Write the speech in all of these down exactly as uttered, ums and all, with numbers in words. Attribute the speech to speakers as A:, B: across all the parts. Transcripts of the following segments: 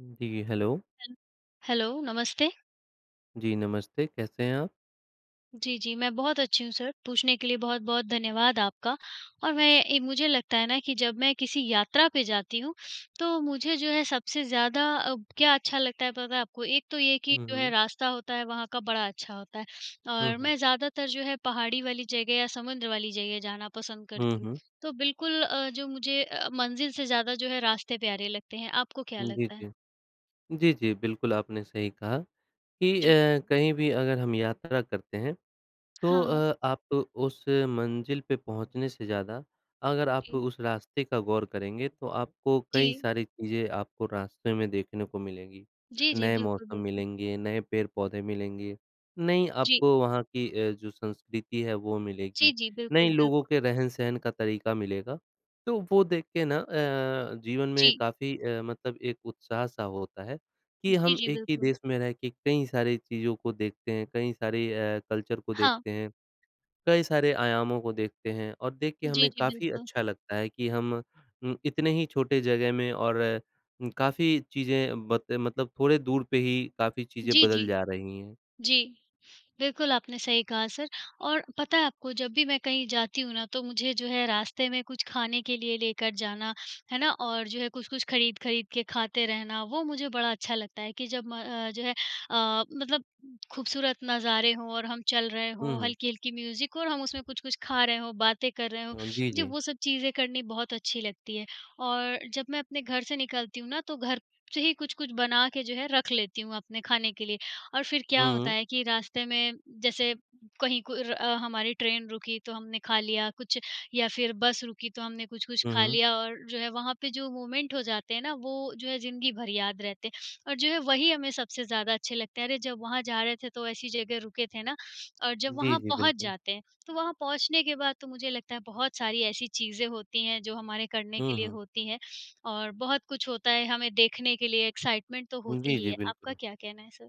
A: जी, hello.
B: Hello, hello, नमस्ते।
A: जी, नमस्ते, कैसे हैं आप?
B: जी, जी, मैं बहुत अच्छी हूँ सर, पूछने के लिए बहुत-बहुत धन्यवाद आपका। और मैं ए मुझे लगता है ना कि जब मैं किसी यात्रा पे जाती हूँ, तो मुझे जो है सबसे ज़्यादा अब क्या अच्छा लगता है, पता है आपको? एक तो ये कि
A: हुँ,
B: जो है
A: हुँ।
B: रास्ता होता है वहाँ का बड़ा अच्छा होता है
A: हुँ,
B: और
A: हुँ।
B: मैं ज़्यादातर जो है पहाड़ी वाली जगह या समुद्र वाली जगह जाना पसंद
A: हुँ,
B: करती हूँ।
A: हुँ।
B: तो बिल्कुल अ, जो मुझे अ, मंज़िल से ज़्यादा जो है रास्ते प्यारे लगते हैं। आपको क्या
A: जी,
B: लगता है?
A: जी। जी, जी, बिल्कुल, आपने सही कहा कि
B: जी।
A: अ, कहीं भी अगर हम यात्रा करते हैं, तो
B: हाँ।
A: अ, आप उस मंज़िल पे पहुँचने से ज़्यादा अगर आप
B: जी।
A: उस रास्ते का गौर करेंगे, तो आपको कई
B: जी।
A: सारी चीज़ें आपको रास्ते में देखने को मिलेंगी।
B: जी, जी,
A: नए
B: बिल्कुल,
A: मौसम
B: बिल्कुल।
A: मिलेंगे, नए पेड़-पौधे मिलेंगे, नई
B: जी।
A: आपको वहाँ की अ, जो संस्कृति है वो मिलेगी,
B: जी, जी, बिल्कुल,
A: नए लोगों
B: बिल्कुल।
A: के रहन-सहन का तरीका मिलेगा। तो वो देख के ना अ, जीवन में
B: जी।
A: काफ़ी अ, मतलब एक उत्साह-सा होता है कि
B: जी,
A: हम
B: जी,
A: एक ही
B: बिल्कुल।
A: देश में रह के कई सारी चीज़ों को देखते हैं, कई सारे अ, कल्चर को
B: हाँ।
A: देखते हैं, कई सारे आयामों को देखते हैं, और देख के
B: जी,
A: हमें
B: जी,
A: काफ़ी
B: बिल्कुल।
A: अच्छा लगता है कि हम उम, इतने ही छोटे जगह में और उम, काफ़ी चीज़ें बत मतलब थोड़े दूर पे ही काफ़ी चीज़ें
B: जी,
A: बदल
B: जी।
A: जा रही हैं।
B: जी, बिल्कुल आपने सही कहा सर। और पता है आपको, जब भी मैं कहीं जाती हूँ ना तो मुझे जो है रास्ते में कुछ खाने के लिए लेकर जाना, है ना, और जो है कुछ-कुछ ख़रीद-ख़रीद के खाते रहना, वो मुझे बड़ा अच्छा लगता है कि जब म अ, जो है अ, मतलब ख़ूबसूरत नज़ारे हों और हम चल रहे
A: हुँ,
B: हों,
A: हुँ।
B: हल्की-हल्की म्यूज़िक और हम उसमें कुछ-कुछ खा रहे हों, बातें कर रहे हों,
A: हाँ, जी,
B: मुझे
A: जी।
B: वो सब चीज़ें करनी बहुत अच्छी लगती है। और जब मैं अपने घर से निकलती हूँ ना, तो घर से ही कुछ-कुछ बना के जो है रख लेती हूँ अपने खाने के लिए। और फिर क्या होता
A: हुँ।
B: है कि रास्ते में जैसे कहीं कुर अ, हमारी ट्रेन रुकी तो हमने खा लिया कुछ, या फिर बस रुकी तो हमने कुछ-कुछ
A: हुँ,
B: खा
A: हुँ।
B: लिया। और जो है वहाँ पे जो मोमेंट हो जाते हैं ना, वो जो है ज़िन्दगी भर याद रहते हैं, और जो है वही हमें सबसे ज़्यादा अच्छे लगते हैं, "अरे जब वहाँ जा रहे थे, तो ऐसी जगह रुके थे ना।" और जब
A: जी,
B: वहाँ
A: जी,
B: पहुँच
A: बिल्कुल।
B: जाते हैं, तो वहाँ पहुँचने के बाद तो मुझे लगता है बहुत सारी ऐसी चीज़ें होती हैं जो हमारे करने के
A: हुँ,
B: लिए
A: हुँ।
B: होती हैं, और बहुत कुछ होता है हमें देखने के लिए, एक्साइटमेंट तो
A: जी,
B: होती ही
A: जी,
B: है। आपका
A: बिल्कुल।
B: क्या कहना है सर?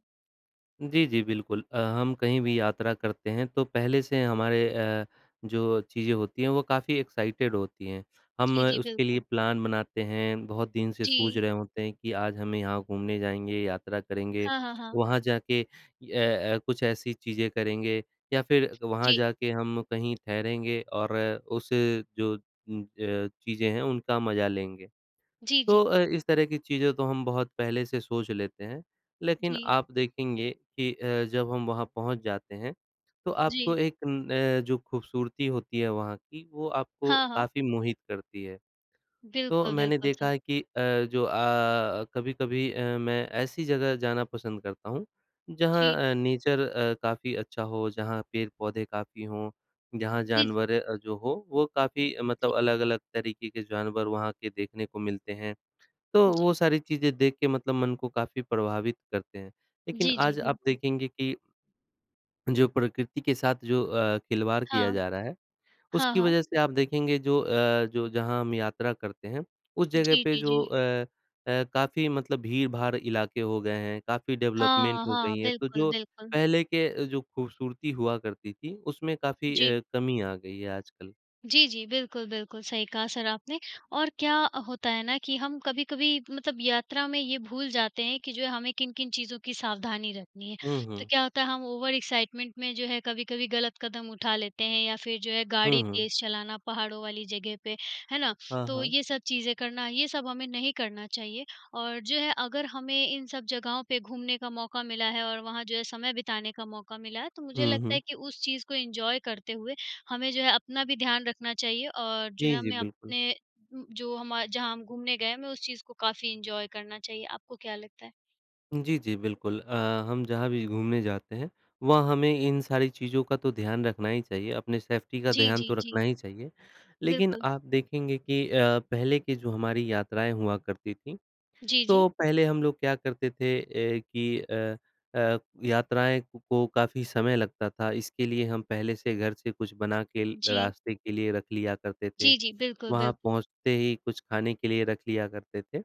A: जी, जी, बिल्कुल अ, हम कहीं भी यात्रा करते हैं तो पहले से हमारे अ, जो चीज़ें होती हैं वो काफ़ी एक्साइटेड होती हैं। हम
B: जी, जी,
A: उसके लिए
B: बिल्कुल।
A: प्लान बनाते हैं बहुत दिन से सूझ
B: जी।
A: रहे होते हैं कि आज हम यहाँ घूमने जाएँगे यात्रा, करेंगे
B: हाँ, हाँ, हाँ।
A: वहाँ जाके अ, कुछ ऐसी चीज़ें करेंगे या फिर वहाँ
B: जी।
A: जाके हम कहीं ठहरेंगे और उसे जो उम अ, चीज़ें हैं उनका मज़ा लेंगे।
B: जी, जी।
A: तो अ, इस तरह की चीज़ें तो हम बहुत पहले से सोच लेते हैं लेकिन
B: जी।
A: आप देखेंगे कि अ, जब हम वहाँ पहुँच जाते हैं तो आपको
B: जी।
A: एक अ, जो खूबसूरती होती है वहाँ की वो आपको
B: हाँ, हाँ।
A: काफ़ी मोहित करती है। तो
B: बिल्कुल,
A: मैंने
B: बिल्कुल
A: देखा
B: सर।
A: है कि अ, जो अ, कभी-कभी अ, मैं ऐसी जगह जाना पसंद करता हूँ
B: जी।
A: जहाँ अ, नेचर अ, काफ़ी अच्छा हो जहाँ पेड़-पौधे काफ़ी हों जहाँ
B: जी, जी।
A: जानवर अ, जो हो, वो काफ़ी
B: जी।
A: मतलब अलग-अलग तरीक़े के जानवर वहाँ के देखने को मिलते हैं। तो वो
B: जी।
A: सारी चीज़ें देख के मतलब मन को काफ़ी प्रभावित करते हैं, लेकिन
B: जी, जी,
A: आज आप
B: बिल्कुल।
A: देखेंगे कि जो प्रकृति के साथ जो अ, खिलवाड़ किया
B: हाँ।
A: जा रहा है
B: हाँ,
A: उसकी
B: हाँ।
A: वजह से आप देखेंगे जो अ, जो जहाँ हम यात्रा करते हैं, उस जगह
B: जी,
A: पे
B: जी,
A: जो
B: जी।
A: अ अ, काफ़ी मतलब भीड़-भाड़ इलाके हो गए हैं। काफ़ी
B: हाँ,
A: डेवलपमेंट हो
B: हाँ,
A: गई हैं तो
B: बिल्कुल,
A: जो
B: बिल्कुल।
A: पहले के अ, जो खूबसूरती हुआ करती थी उसमें काफ़ी
B: जी।
A: अ, कमी आ गई है आजकल।
B: जी, जी, बिल्कुल, बिल्कुल सही कहा सर आपने, और क्या अ, होता है ना कि हम कभी-कभी मतलब यात्रा में ये भूल जाते हैं कि जो है, हमें किन-किन चीज़ों की सावधानी रखनी है।
A: हुँ,
B: तो
A: हुँ।
B: क्या होता है, हम ओवर एक्साइटमेंट में, जो है, कभी-कभी गलत कदम उठा लेते हैं या फिर जो है,
A: हुँ,
B: गाड़ी
A: हुँ।
B: तेज़ चलाना पहाड़ों वाली जगह पे, है ना?
A: हाँ,
B: तो
A: हाँ।
B: ये सब चीज़ें करना, ये सब हमें नहीं करना चाहिए और जो है, अगर हमें इन सब जगहों पे घूमने का मौका मिला है और वहाँ जो है समय बिताने का मौका मिला है, तो मुझे
A: हुँ,
B: लगता है
A: हुँ।
B: कि उस चीज़ को एन्जॉय करते हुए, हमें जो है अपना भी ध्यान रखना चाहिए और जो
A: जी,
B: है,
A: जी,
B: हमें
A: बिल्कुल।
B: अपने उम, जो हमा जहाँ हम घूमने गए हैं, हमें उस चीज़ को काफ़ी एन्जॉय करना चाहिए। आपको क्या लगता है?
A: जी, जी, बिल्कुल अ, हम जहाँ भी घूमने जाते हैं, वहाँ हमें इन सारी चीज़ों का तो ध्यान रखना ही चाहिए, अपने सेफ्टी का
B: जी,
A: ध्यान तो
B: जी,
A: रखना
B: जी।
A: ही चाहिए। लेकिन
B: बिल्कुल।
A: आप देखेंगे कि अ, पहले के जो हमारी यात्राएँ हुआ करती थीं,
B: जी, जी।
A: तो पहले हम लोग क्या करते थे ए कि अ अ, यात्राएँ कु को काफ़ी समय लगता था। इसके लिए हम पहले से घर से कुछ बना के ल
B: जी।
A: रास्ते के लिए रख लिया करते थे।
B: जी, जी, बिल्कुल,
A: वहाँ
B: बिल्कुल।
A: पहुँचते ही कुछ खाने के लिए रख लिया करते थे।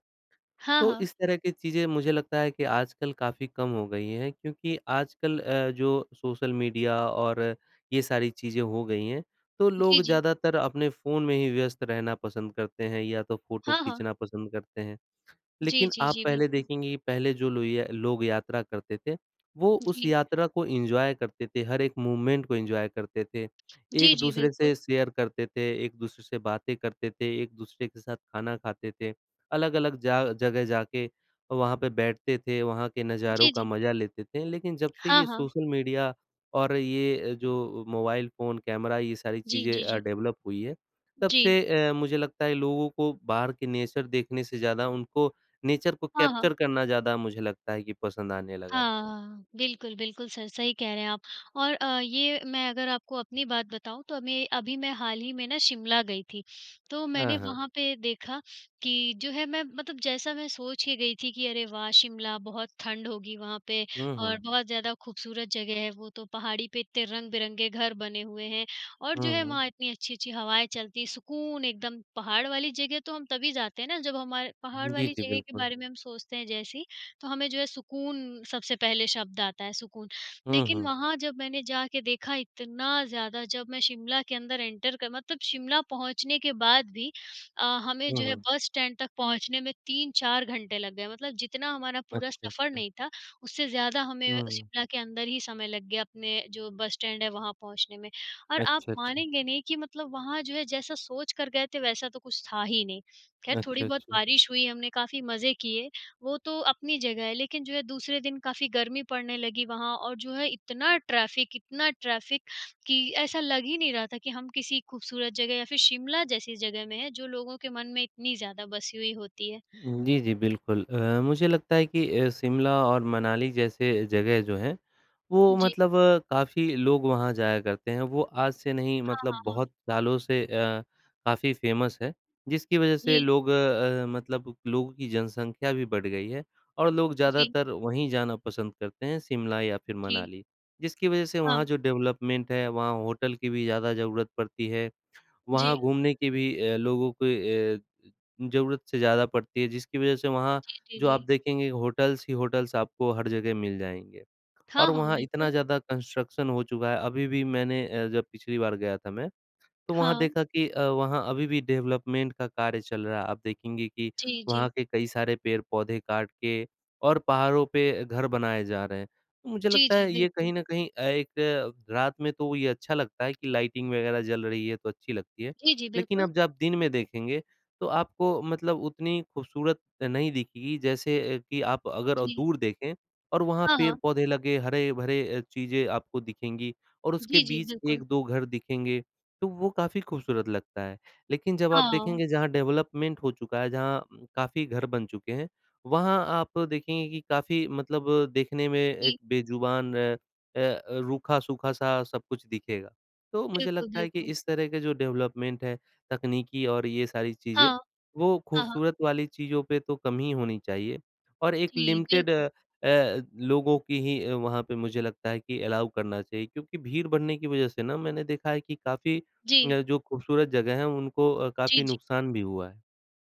B: हाँ,
A: तो
B: हाँ।
A: इस तरह की चीज़ें, मुझे लगता है कि आजकल काफ़ी कम हो गई हैं, क्योंकि आजकल अ, जो सोशल मीडिया और ये सारी चीज़ें हो गई हैं, तो
B: जी,
A: लोग
B: जी।
A: ज़्यादातर अपने फ़ोन में ही व्यस्त रहना पसंद करते हैं या तो फोटो
B: हाँ, हाँ।
A: खींचना पसंद करते हैं।
B: जी,
A: लेकिन
B: जी,
A: आप
B: जी,
A: पहले
B: बिल्कुल।
A: देखेंगे कि पहले जो लुइया लोग यात्रा करते थे, वो उस
B: जी।
A: यात्रा को एन्जॉय करते थे, हर एक मोमेंट को एन्जॉय करते थे,
B: जी,
A: एक
B: जी,
A: दूसरे से
B: बिल्कुल।
A: शेयर करते थे, एक दूसरे से बातें करते थे, एक-दूसरे के साथ खाना खाते थे। अलग-अलग जा जगह जाके अ, वहाँ पे बैठते थे, वहाँ के नज़ारों
B: जी,
A: का
B: जी।
A: मज़ा लेते थे। लेकिन जब से
B: हाँ,
A: ये
B: हाँ।
A: सोशल मीडिया और ये अ, जो मोबाइल फ़ोन, कैमरा, ये सारी
B: जी,
A: चीज़ें
B: जी,
A: अ,
B: जी।
A: डेवलप हुई हैं, तब
B: जी।
A: से अ, मुझे लगता है, लोगों को बाहर के नेचर देखने से ज़्यादा उनको नेचर को
B: हाँ, हाँ।
A: कैप्चर करना ज़्यादा मुझे लगता है कि पसंद आने लगा है।
B: हाँ, हाँ, बिल्कुल, बिल्कुल, सर सही कह रहे हैं आप और अ, ये मैं अगर आपको अपनी बात बताऊँ, तो अमें अभी मैं हाल ही में ना शिमला गई थी। तो मैंने
A: हाँ, हाँ।
B: वहाँ पे देखा कि जो है, मैं मतलब जैसा मैं सोच के गई थी कि अरे, वाह! शिमला, बहुत ठंड होगी वहाँ पे
A: हुँ,
B: और
A: हुँ।
B: बहुत ज़्यादा खूबसूरत जगह है वो, तो पहाड़ी पे इतने रंग-बिरंगे घर बने हुए हैं, और जो
A: हुँ,
B: है
A: हुँ।
B: वहाँ इतनी अच्छी-अच्छी हवाएँ चलती हैं, सुकून एकदम। पहाड़ वाली जगह तो हम तभी जाते हैं ना, जब हमार पहाड़
A: जी,
B: वाली
A: जी,
B: जगह के
A: बिल्कुल।
B: बारे में हम सोचते हैं जैसे ही, तो हमें जो है सुकून सबसे पहले शब्द आता है, सुकून।
A: हुँ,
B: लेकिन
A: हुँ।
B: वहाँ जब मैंने जाके देखा, इतना ज़्यादा जब मैं शिमला के अंदर एंटर कर मतलब शिमला पहुँचने के बाद भी अ, हमें
A: हुँ,
B: जो है
A: हुँ।
B: बस स्टैंड तक पहुँचने में तीन चार घंटे लग गए। मतलब जितना हमारा पूरा
A: अच्छा,
B: सफर
A: अच्छा।
B: नहीं था, उससे ज़्यादा हमें
A: हुँ, हुँ।
B: शिमला के अंदर ही समय लग गया, अपने जो बस स्टैंड है, वहाँ पहुँचने में। और आप
A: अच्छा, अच्छा।
B: मानेंगे नहीं कि मतलब वहाँ जो है, जैसा सोच कर गए थे, वैसा तो कुछ था ही नहीं। ख़ैर थोड़ी
A: अच्छा,
B: बहुत
A: अच्छा।
B: बारिश हुई, हमने काफ़ी मज़े किए, वो तो अपनी जगह है। लेकिन जो है, दूसरे दिन काफ़ी गर्मी पड़ने लगी वहाँ और जो है, इतना ट्रैफिक, इतना ट्रैफिक कि ऐसा लग ही नहीं रहा था कि हम किसी खूबसूरत जगह या फिर शिमला जैसी जगह में है, जो लोगों के मन में इतनी ज़्यादा बसी हुई होती है।
A: जी, जी, बिल्कुल अ, मुझे लगता है कि अ, शिमला और मनाली जैसे जगह जो हैं, वो
B: जी।
A: मतलब काफ़ी लोग वहाँ जाया करते हैं। वो आज से नहीं,
B: हाँ, हाँ,
A: मतलब
B: हाँ।
A: बहुत सालों से अ, काफ़ी फ़ेमस है, जिसकी वजह से
B: जी।
A: लोग अ, मतलब लोगों की जनसँख्या भी बढ़ गई है और लोग
B: जी।
A: ज़्यादातर वहीं जाना पसंद करते हैं, शिमला या फिर
B: जी।
A: मनाली, जिसकी वजह से वहाँ
B: हाँ।
A: जो डेवलपमेंट है, वहाँ होटल की भी ज़्यादा ज़रूरत पड़ती है। वहाँ
B: जी।
A: घूमने की भी अ, लोगों के अ, ज़रूरत से ज़्यादा पड़ती है, जिसकी वजह से वहाँ
B: जी, जी,
A: जो आप
B: जी।
A: देखेंगे, होटल्स ही होटल्स आपको हर जगह मिल जाएँगे।
B: हाँ,
A: और
B: हाँ,
A: वहाँ इतना
B: बिल्कुल।
A: ज़्यादा कंस्ट्रक्शन हो चुका है, अभी भी मैंने अ, जब पिछली बार गया था मैं, तो वहाँ
B: हाँ।
A: देखा कि अ, वहाँ अभी भी डेवलपमेंट का कार्य चल रहा है। आप देखेंगे कि
B: जी,
A: वहाँ
B: जी।
A: के कई सारे पेड़-पौधे काट के और पहाड़ों पे घर बनाए जा रहे हैं। मुझे
B: जी,
A: लगता
B: जी,
A: है, ये कहीं
B: बिल्कुल।
A: न कहीं अ, एक रात में तो वो ये अच्छा लगता है कि लाइटिंग वगैरह जल रही है, तो अच्छी लगती है।
B: जी, जी,
A: लेकिन
B: बिल्कुल।
A: अब जब आप दिन में देखेंगे, तो आपको मतलब उतनी खूबसूरत नहीं दिखेगी, जैसे अ, कि आप अगर
B: जी।
A: दूर देखें और वहाँ
B: हाँ, हाँ।
A: पेड़-पौधे लगें, हरे-भरे अ, चीजें आपको दिखेंगी और उसके
B: जी, जी,
A: बीच एक
B: बिल्कुल।
A: दो घर दिखेंगे, तो वो काफ़ी खूबसूरत लगता है। लेकिन जब आप
B: हाँ।
A: देखेंगे, जहाँ डेवलपमेंट हो चुका है, जहाँ काफ़ी घर बन चुके हैं, वहाँ आप देखेंगे कि काफ़ी मतलब देखने में एक
B: जी।
A: बेज़ुबान अ अ, रूखा-सूखा सा सब कुछ दिखेगा। तो मुझे
B: बिल्कुल,
A: लगता है कि
B: बिल्कुल।
A: इस तरह के जो डेवलपमेंट है, तकनीकी और ये सारी चीज़ें,
B: हाँ।
A: वो
B: हाँ, हाँ।
A: खूबसूरत वाली चीज़ों पे तो कम ही होनी चाहिए। और एक
B: जी,
A: लिमिटेड
B: बिल्कुल।
A: अ, लोगों की ही, वहाँ पे मुझे लगता है कि अलाउ करना चाहिए। क्योंकि भीड़ बढ़ने की वजह से ना, मैंने देखा है कि काफ़ी
B: जी।
A: अ, जो खूबसूरत जगह हैं, उनको अ,
B: जी,
A: काफ़ी
B: जी।
A: नुकसान भी हुआ है।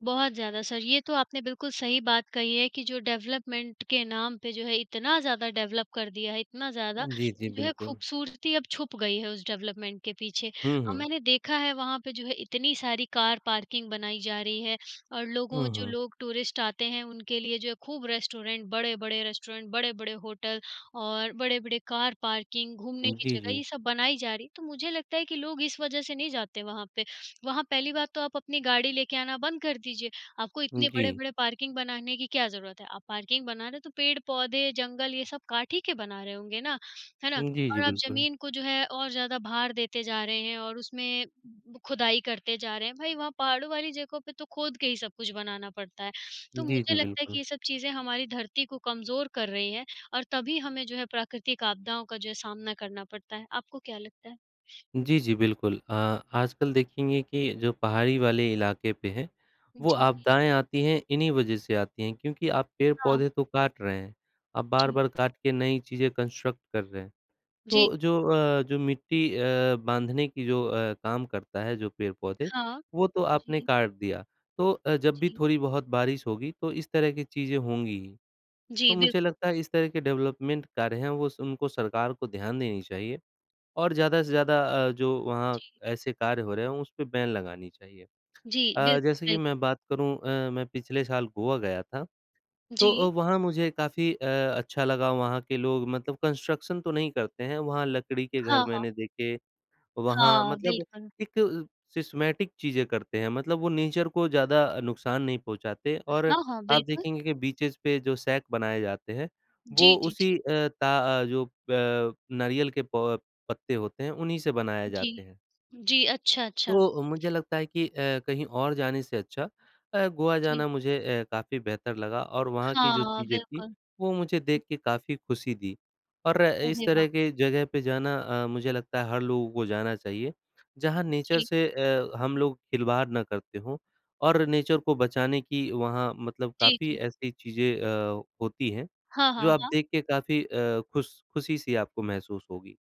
B: बहुत ज़्यादा सर, ये तो आपने बिल्कुल सही बात कही है कि जो डेवलपमेंट के नाम पे जो है इतना ज़्यादा डेवलप कर दिया है इतना ज़्यादा,
A: जी, जी,
B: कि जो है
A: बिल्कुल।
B: खूबसूरती अब छुप गई है उस डेवलपमेंट के पीछे।
A: हुँ,
B: औ
A: हुँ।
B: मैंने देखा है वहाँ पे जो है इतनी सारी कार पार्किंग बनाई जा रही है और लोगों जो
A: उहुँ।
B: लोग टूरिस्ट आते हैं, उनके लिए जो है खूब रेस्टोरेंट बड़े-बड़े रेस्टोरेंट बड़े-बड़े होटल और बड़े-बड़े कार पार्किंग, घूमने
A: उम,
B: की
A: जी,
B: जगह
A: जी।
B: ये सब बनाई जा रही है। तो मुझे लगता है कि लोग इस वजह से नहीं जाते वहाँ पे। वहाँ पहली बात तो आप अपनी गाड़ी लेके आना बंद कर दीजिए, आपको
A: हुँ,
B: इतने
A: जी।
B: बड़े-बड़े पार्किंग बनाने की क्या ज़रूरत है। आप पार्किंग बना रहे हैं तो पेड़-पौधे, जंगल ये सब काट ही के बना रहे होंगे ना, है ना?
A: हुँ, जी, जी,
B: और आप
A: बिल्कुल।
B: ज़मीन को जो है और ज़्यादा भार देते जा रहे हैं और उसमें खुदाई करते जा रहे हैं। भाई, वहाँ पहाड़ों वाली जगहों पे तो खोद के ही सब कुछ बनाना पड़ता है। तो
A: जी, जी,
B: मुझे लगता है कि
A: बिल्कुल।
B: ये सब चीज़ें हमारी धरती को कमज़ोर कर रही हैं और तभी हमें जो है प्राकृतिक आपदाओं का जो है सामना करना पड़ता है। आपको क्या लगता है?
A: जी, जी, बिल्कुल। अ, आजकल देखेंगे कि जो पहाड़ी वाले इलाके पे हैं,
B: जी,
A: वो
B: जी, जी।
A: आपदाएँ आती हैं इन्हीं वजह से आती हैं क्योंकि आप
B: हाँ।
A: पेड़-पौधे तो काट रहे हैं। आप
B: जी।
A: बार-बार काट के नई चीज़ें कंस्ट्रक्ट कर रहे हैं,
B: जी।
A: तो जो अ, जो मिट्टी अ, बाँधने की जो अ, काम करता है जो पेड़-पौधे,
B: हाँ,
A: वो तो आपने
B: जी।
A: काट दिया तो अ, जब भी
B: जी।
A: थोड़ी-बहुत बारिश होगी तो इस तरह की चीज़ें होंगी ही। तो
B: जी,
A: मुझे
B: बिल्कुल।
A: लगता है इस तरह के डेवलपमेंट कार्य हैं वो स उनको सरकार को ध्यान देनी चाहिए और ज़्यादा से ज़्यादा अ, जो वहाँ
B: जी।
A: ऐसे कार्य हो रहे हैं, उस पे बैन लगानी चाहिए।
B: जी,
A: अ,
B: बिल्कुल,
A: जैसे कि
B: बिल्कुल।
A: मैं बात करूँ अ, मैं पिछले साल गोवा गया था, तो अ,
B: जी।
A: वहाँ मुझे काफ़ी अ, अच्छा लगा। वहाँ के लोग मतलब कंस्ट्रक्शन तो नहीं करते हैं, वहाँ लकड़ी के घर
B: हाँ, हाँ।
A: मैंने देखे। वहाँ
B: हाँ,
A: मतलब
B: बिल्कुल।
A: एक अ, सिस्टमेटिक चीज़ें करते हैं मतलब वो नेचर को ज़्यादा अ, नुकसान नहीं पहुँचाते
B: ह
A: और
B: हाँ, हाँ,
A: आप
B: बिल्कुल।
A: देखेंगे कि बीचेज़ पे जो सैट बनाए जाते हैं, वो
B: जी, जी,
A: उसी
B: जी।
A: अ, ता अ, जो प नारियल के प पत्ते होते हैं, उन्हीं से बनाए
B: जी,
A: जाते हैं।
B: जी, अच्छा, अच्छा।
A: तो अ, मुझे लगता है कि अ, कहीं और जाने से अच्छा अ, गोवा
B: जी।
A: जाना मुझे अ, काफ़ी बेहतर लगा और वहाँ की जो
B: हाँ,
A: चीज़ें थीं,
B: बिल्कुल।
A: वो मुझे देख के काफ़ी खुशी दी। और इस
B: अरे
A: तरह
B: वाह!
A: के जगह पे जाना अ, मुझे लगता है हर लोगों को जाना चाहिए, जहाँ नेचर
B: जी।
A: से अ, हम लोग खिलवाड़ ना करते हों और नेचर को बचाने की वहाँ मतलब
B: जी,
A: काफ़ी
B: जी।
A: ऐसी चीज़ें अ, होती हैं,
B: हाँ,
A: जो
B: हाँ,
A: आप
B: हाँ।
A: देख के काफ़ी अ, खुश खुशी-सी आपको महसूस होगी।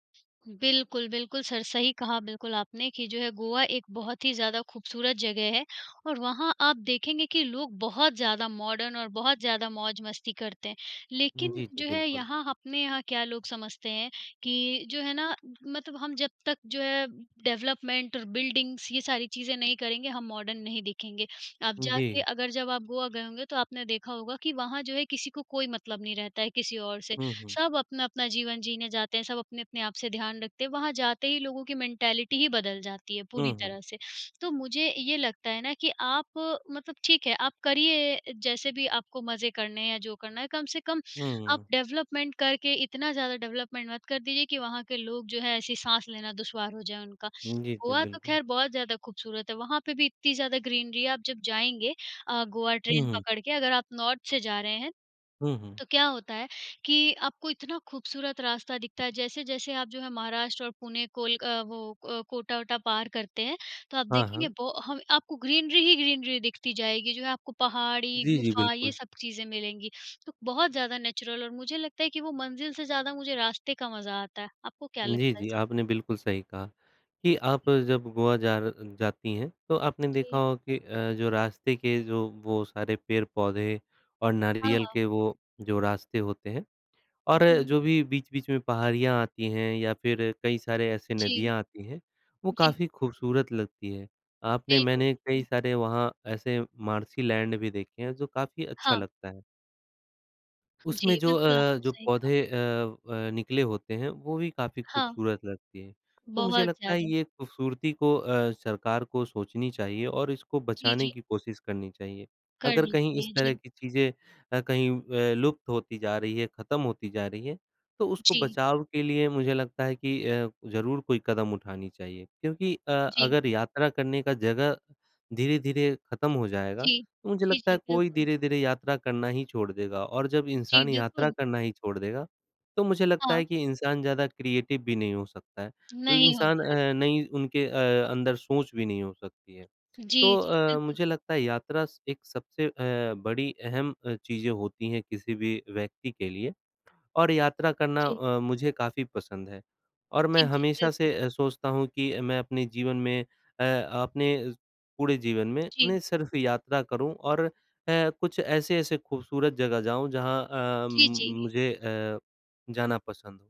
B: बिल्कुल, बिल्कुल, सर सही कहा बिल्कुल आपने कि जो है गोवा एक बहुत ही ज़्यादा खूबसूरत जगह है और वहाँ आप देखेंगे कि लोग बहुत ज़्यादा मॉडर्न और बहुत ज़्यादा मौज-मस्ती करते हैं।
A: हुँ,
B: लेकिन
A: जी, जी,
B: जो है
A: बिल्कुल।
B: यहाँ अपने यहाँ क्या लोग समझते हैं कि जो है ना मतब हम जब तक जो है डेवलपमेंट और बिल्डिंग्स ये सारी चीज़ें नहीं करेंगे, हम मॉडर्न नहीं दिखेंगे। आप
A: उम,
B: जाके
A: जी।
B: अगर जब आप गोवा गए होंगे तो आपने देखा होगा कि वहाँ जो है किसी को कोई मतलब नहीं रहता है किसी और से।
A: हुँ, हुँ।
B: सब अपना-अपना जीवन जीने जाते हैं, सब अपने-अपने आप से ध्यान रखते हैं। वहाँ जाते ही लोगों की मेन्टैलिटी ही बदल जाती है
A: हुँ,
B: पूरी
A: हुँ।
B: तरह से। तो मुझे ये लगता है ना कि आप मतलब ठीक है, आप करिए जैसे भी आपको मज़े करने हैं या जो करना है, कम से कम
A: हुँ,
B: आप
A: हुँ।
B: डेवलपमेंट करके इतना ज़्यादा डेवलपमेंट मत कर दीजिए कि वहाँ के लोग जो हैं ऐसी साँस लेना दुश्वार हो जाए उनका।
A: हुँ, जी, जी,
B: गोवा तो
A: बिल्कुल।
B: खैर बहुत ज़्यादा खूबसूरत है, वहाँ पे भी इतनी ज़्यादा ग्रीनरी है। आप जब जाएँगे अ, गोवा
A: हुँ,
B: ट्रेन
A: हुँ।
B: पकड़ के अगर आप नॉर्थ से जा रहे हैं,
A: हुँ, हुँ।
B: तो क्या होता है कि आपको इतना खूबसूरत रास्ता दिखता है। जैसे-जैसे आप जो है महाराष्ट्र और पुणे कोलक वो अ, कोटा-वोटा पार करते हैं, तो आप
A: हाँ,
B: देखेंगे
A: हाँ।
B: बो हव आपको ग्रीनरी ही ग्रीनरी दिखती जाएगी जो है आपको पहाड़ी,
A: जी, जी,
B: गुफा ये
A: बिल्कुल।
B: सब चीज़ें मिलेंगी, तो बहुत ज़्यादा नेचुरल और मुझे लगता है कि वो मंज़िल से ज़्यादा मुझे रास्ते का मज़ा आता है। आपको क्या
A: जी,
B: लगता है
A: जी,
B: सर?
A: आपने बिल्कुल सही कहा, कि आप जब गोवा जा र जाती हैं, तो आपने देखा
B: जी।
A: होगा कि अ, जो रास्ते के जो वो सारे पेड़-पौधे और
B: हाँ,
A: नारियल
B: हाँ।
A: के वो जो रास्ते होते हैं और
B: जी।
A: जो भी बीच-बीच में पहाड़ियाँ आती हैं या फिर कई सारे ऐसे
B: जी,
A: नदियाँ आती हैं, वो
B: जी।
A: काफ़ी खूबसूरत लगती हैं। आपने
B: बिल्कुल,
A: मैंने
B: बिल्कुल।
A: कई सारे वहाँ ऐसे मार्शी लैंड भी देखे हैं जो काफ़ी अच्छा
B: हाँ।
A: लगता है। उसमें
B: जी,
A: जो
B: बिल्कुल,
A: अ,
B: आपने
A: जो
B: सही कहा।
A: पौधे अ, व निकले होते हैं वो भी काफ़ी
B: हाँ।
A: खूबसूरत लगती हैं तो मुझे
B: बहुत
A: लगता है
B: ज़्यादा।
A: ये खूबसूरती को अ, सरकार को सोचनी चाहिए और इसको
B: जी,
A: बचाने
B: जी।
A: की कोशिश करनी चाहिए। अगर
B: करनी
A: कहीं इस
B: चाहिए,
A: तरह
B: जी।
A: की चीज़ें अ, कहीं व लुप्त होती जा रही है खत्म होती जा रही है तो उसको
B: जी।
A: बचाव के लिए मुझे लगता है कि अ, ज़रूर कोई कदम उठानी चाहिए क्योंकि अ,
B: जी।
A: अगर यात्रा करने का जगह धीरे-धीरे खत्म हो जाएगा,
B: जी,
A: तो मुझे
B: जी,
A: लगता
B: जी,
A: है कोई
B: बिल्कुल।
A: धीरे-धीरे यात्रा करना ही छोड़ देगा और जब
B: जी,
A: इंसान यात्रा
B: बिल्कुल।
A: करना ही छोड़ देगा, तो मुझे लगता
B: हाँ।
A: है कि इंसान ज़्यादा क्रिएटिव भी नहीं हो सकता है।
B: नहीं हो
A: इंसान
B: पायेगा।
A: अ, नई उनके अ, अंदर सोच भी नहीं हो सकती है।
B: जी,
A: तो
B: जी,
A: अ,
B: बिल्कुल।
A: मुझे लगता है यात्रा स एक सबसे अ, बड़ी अहम अ, चीज़ें होती हैं किसी भी व्यक्ति के लिए और यात्रा करना
B: जी।
A: अ, मुझे काफ़ी पसंद है और मैं
B: जी, जी,
A: हमेशा
B: बिल्कुल।
A: से अ, सोचता हूँ कि मैं अपने जीवन में अ, अपने पूरे जीवन में
B: जी।
A: नहीं सिर्फ यात्रा करूँ और अ, कुछ ऐसे-ऐसी खूबसूरत जगह जाऊँ, जहाँ अ,
B: जी,
A: म
B: जी।
A: मुझे अ, जाना पसंद हो।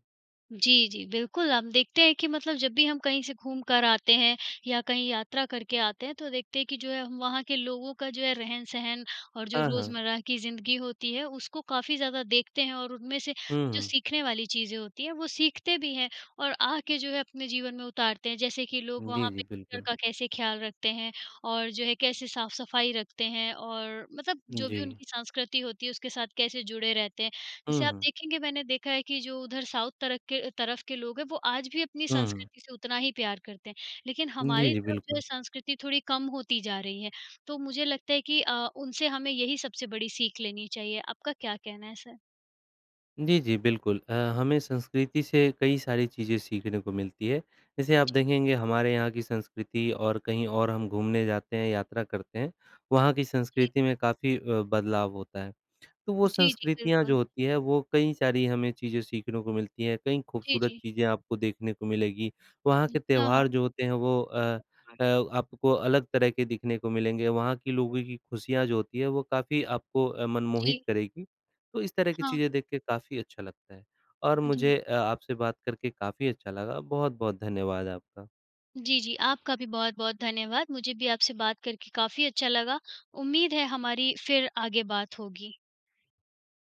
B: जी, जी, बिल्कुल, हम देखते हैं कि मतलब जब भी हम कहीं से घूम कर आते हैं या कहीं यात्रा करके आते हैं, तो देखते हैं कि जो है हम वहाँ के लोगों का जो है रहन-सहन और जो
A: हाँ, हाँ।
B: रोज़मर्रा की जिंदगी होती है, उसको काफ़ी ज़्यादा देखते हैं, और उनमें से
A: हुँ,
B: जो
A: हुँ।
B: सीखने वाली चीज़ें होती हैं, वो सीखते भी हैं और आके जो है अपने जीवन में उतारते हैं। जैसे कि लोग
A: जी,
B: वहाँ
A: जी,
B: पे घर
A: बिल्कुल।
B: का कैसे ख्याल रखते हैं, और जो है कैसे साफ-सफाई रखते हैं, और मतलब जो भी
A: जी।
B: उनकी संस्कृति होती है, उसके साथ कैसे जुड़े रहते हैं। जैसे
A: हुँ,
B: आप
A: हुँ।
B: देखेंगे, मैंने देखा है कि जो उधर साउथ तरक के तरफ के लोग हैं, वो आज भी अपनी
A: हुँ।
B: संस्कृति से उतना ही प्यार करते हैं, लेकिन
A: जी,
B: हमारी
A: जी,
B: तरफ जो है
A: बिल्कुल।
B: संस्कृति थोड़ी कम होती जा रही है। तो मुझे लगता है कि अ, उनसे हमें यही सबसे बड़ी सीख लेनी चाहिए। आपका क्या कहना है सर?
A: जी, जी, बिल्कुल अ, हमें संस्कृति से कई सारी चीज़ें सीखने को मिलती हैं। जैसे आप
B: जी।
A: देखेंगे, हमारे यहाँ की संस्कृति और कहीं और हम घूमने जाते हैं, यात्रा करते हैं, वहाँ की
B: जी।
A: संस्कृति में काफ़ी अ, बदलाव होता है। तो वो
B: जी, जी,
A: संस्कृतियाँ जो
B: बिल्कुल।
A: होती हैं, वो कई सारी हमें चीज़ें सीखने को मिलती हैं, कई
B: जी,
A: खूबसूरत
B: जी।
A: चीज़ें आपको देखने को मिलेगी। वहाँ के
B: हाँ, हाँ।
A: त्यौहार जो होते हैं वो अ अ, आपको अलग तरह के दिखने को मिलेंगे, वहाँ के लोगों की खुशियाँ जो होती हैं, वो काफ़ी आपको अ, मनमोहित
B: जी।
A: करेगी। तो इस तरह की
B: हाँ।
A: चीज़ें देख के काफ़ी अच्छा लगता है। और
B: जी।
A: मुझे अ, आपसे बात करके काफ़ी अच्छा लगा, बहुत-बहुत धन्यवाद आपका।
B: जी, जी, आपका भी बहुत-बहुत धन्यवाद। मुझे भी आपसे बात करके काफ़ी अच्छा लगा। उम्मीद है हमारी फिर आगे बात होगी।